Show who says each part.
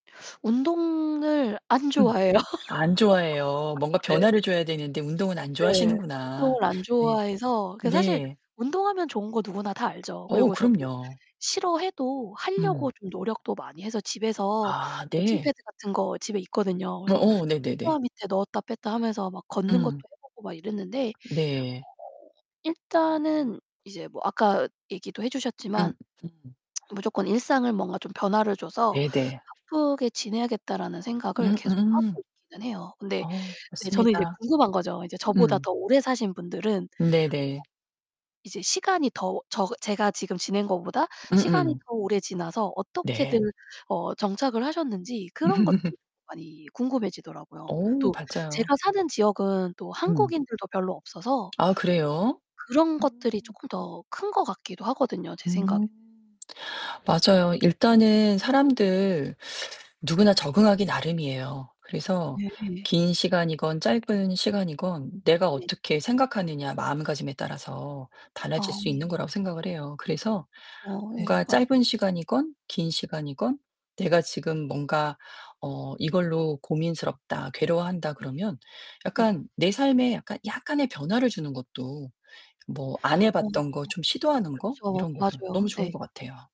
Speaker 1: 운동을 안
Speaker 2: 음.
Speaker 1: 좋아해요.
Speaker 2: 안 좋아해요. 뭔가
Speaker 1: 네.
Speaker 2: 변화를 줘야 되는데 운동은 안
Speaker 1: 네,
Speaker 2: 좋아하시는구나.
Speaker 1: 운동을 안
Speaker 2: 네.
Speaker 1: 좋아해서 그게 사실
Speaker 2: 네.
Speaker 1: 운동하면 좋은 거 누구나 다 알죠.
Speaker 2: 어
Speaker 1: 그리고 저도
Speaker 2: 그럼요.
Speaker 1: 싫어해도 하려고
Speaker 2: 음.
Speaker 1: 좀 노력도 많이 해서 집에서
Speaker 2: 아
Speaker 1: 워킹
Speaker 2: 네.
Speaker 1: 패드 같은 거 집에 있거든요. 그래서
Speaker 2: 어어 네네네.
Speaker 1: 소파 밑에 넣었다 뺐다 하면서 막 걷는 것도
Speaker 2: 응.
Speaker 1: 해 보고 막 이랬는데 어
Speaker 2: 네.
Speaker 1: 일단은 이제 뭐 아까 얘기도 해
Speaker 2: 음
Speaker 1: 주셨지만
Speaker 2: 음.
Speaker 1: '무조건 일상을 뭔가 좀 변화를 줘서
Speaker 2: 네, 네.
Speaker 1: 바쁘게 지내야겠다.'라는 생각을
Speaker 2: 음
Speaker 1: 계속
Speaker 2: 음.
Speaker 1: 하고 있기는 해요. 근데
Speaker 2: 어
Speaker 1: 네 저는 이제
Speaker 2: 맞습니다.
Speaker 1: 궁금한 거죠. 이제 저보다
Speaker 2: 음.
Speaker 1: 더 오래 사신 분들은 [unintelligible]
Speaker 2: 네네.
Speaker 1: 이제 시간이 더 저 제가 지금 지낸 것보다 시간이
Speaker 2: 음음.
Speaker 1: 더 오래 지나서 어떻게들
Speaker 2: 네.
Speaker 1: 어 정착을 하셨는지 그런 것들이 많이 궁금해지더라고요.
Speaker 2: 어
Speaker 1: 또
Speaker 2: 맞아요.
Speaker 1: 제가 사는 지역은 또
Speaker 2: 음.
Speaker 1: 한국인들도 별로 없어서
Speaker 2: 아 그래요?
Speaker 1: 그런 것들이
Speaker 2: 음.
Speaker 1: 쪼끔 더 큰 것 같기도 하거든요, 제 생각에.
Speaker 2: 음. 맞아요. 일단은 사람들 누구나 적응하기 나름이에요. 그래서
Speaker 1: 네.
Speaker 2: 긴 시간이건 짧은 시간이건 내가
Speaker 1: 네.
Speaker 2: 어떻게 생각하느냐 마음가짐에 따라서 달라질
Speaker 1: 어.
Speaker 2: 수 있는 거라고 생각을 해요. 그래서
Speaker 1: 그쵸. 예
Speaker 2: 뭔가
Speaker 1: 맞아요.
Speaker 2: 짧은 시간이건 긴 시간이건 내가 지금 뭔가 어 이걸로 '고민스럽다. 괴로워한다.'
Speaker 1: 네.
Speaker 2: 그러면
Speaker 1: 네.
Speaker 2: 약간 내 삶에 약간 약간의 변화를 주는 것도 뭐 안 해
Speaker 1: 어
Speaker 2: 봤던 거 좀 시도하는 거
Speaker 1: 그쵸.
Speaker 2: 이런 거든
Speaker 1: 맞아요.
Speaker 2: 너무
Speaker 1: 네.
Speaker 2: 좋은 것 같아요.